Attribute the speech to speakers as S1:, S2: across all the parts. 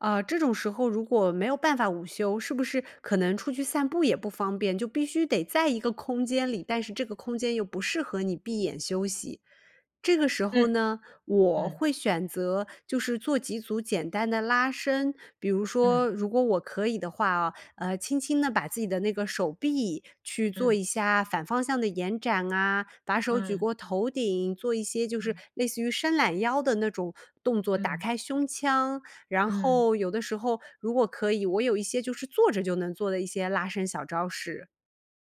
S1: 呃，这种时候如果没有办法午休，是不是可能出去散步也不方便，就必须得在一个空间里。但是这个空间，又不适合你闭眼休息。这个时候
S2: 嗯，
S1: 呢，我
S2: 嗯。
S1: 会选择，就是做几组简单的拉伸，比如说
S2: 嗯。
S1: 如果我可以的话哦，呃，轻轻地把自己的那个手臂，去做
S2: 嗯。
S1: 一下反方向的延展啊，把手举
S2: 嗯。
S1: 过头顶，做一些就是
S2: 嗯。
S1: 类似于伸懒腰的那种动作，打
S2: 嗯。
S1: 开胸腔。然
S2: 嗯。
S1: 后有的时候如果可以我有一些，就是坐着就能做的一些拉伸小招式。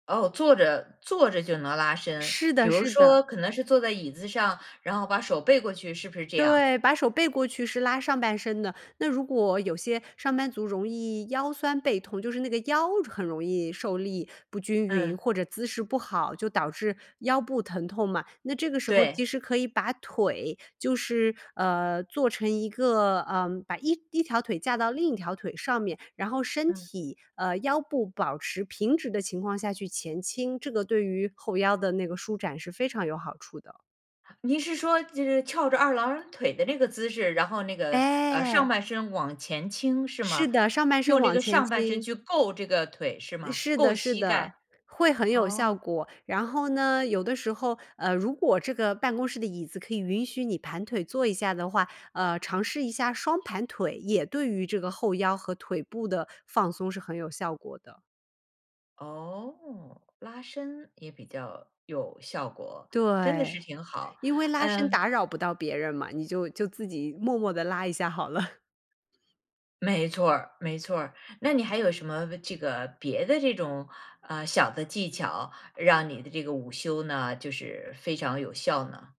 S2: 哦，坐着坐着就能拉伸，
S1: 是
S2: 比
S1: 的
S2: 如
S1: 是的。
S2: 说，可能是坐在椅子上，然后把手背过去，是不是这样？
S1: 对，把手背过去是拉上半身的。那如果有些上班族容易腰酸背痛就是那个腰，很容易受力不均匀，
S2: 嗯。
S1: 或者姿势不好，就导致腰部疼痛嘛。那这个时候，其
S2: 对。
S1: 实可以把腿就是，呃，做成一个呃，把一条腿架到另一条腿上面，然后身
S2: 嗯。
S1: 体呃，腰部保持平直的情况下去前倾，这个对于后腰的那个舒展，是非常有好处的。
S2: 您是说，就是翘着二郎腿的那个姿势，然后那个，呃，
S1: 哎。
S2: 上半身往前倾是
S1: 是
S2: 吗？
S1: 的，上半身
S2: 用这
S1: 往
S2: 个
S1: 前
S2: 上半身
S1: 倾。
S2: 去够这个腿，是吗？
S1: 是
S2: 够
S1: 的是
S2: 膝
S1: 的，
S2: 盖，
S1: 会很有效
S2: 哦。
S1: 果。然后呢，有的时候呃，如果这个办公室的椅子，可以允许你盘腿坐一下的话，呃，尝试一下双盘腿，也对于这个后腰和腿部的放松，是很有效果的。
S2: 哦，拉伸也比较有效果。真的是
S1: 对，
S2: 挺好，
S1: 因为拉伸
S2: 嗯。
S1: 打扰不到别人嘛，你就就自己默默地拉一下好了。
S2: 没错儿没错儿。那你还有什么这个别的这种，呃，小的技巧，让你的这个午休呢，就是非常有效呢？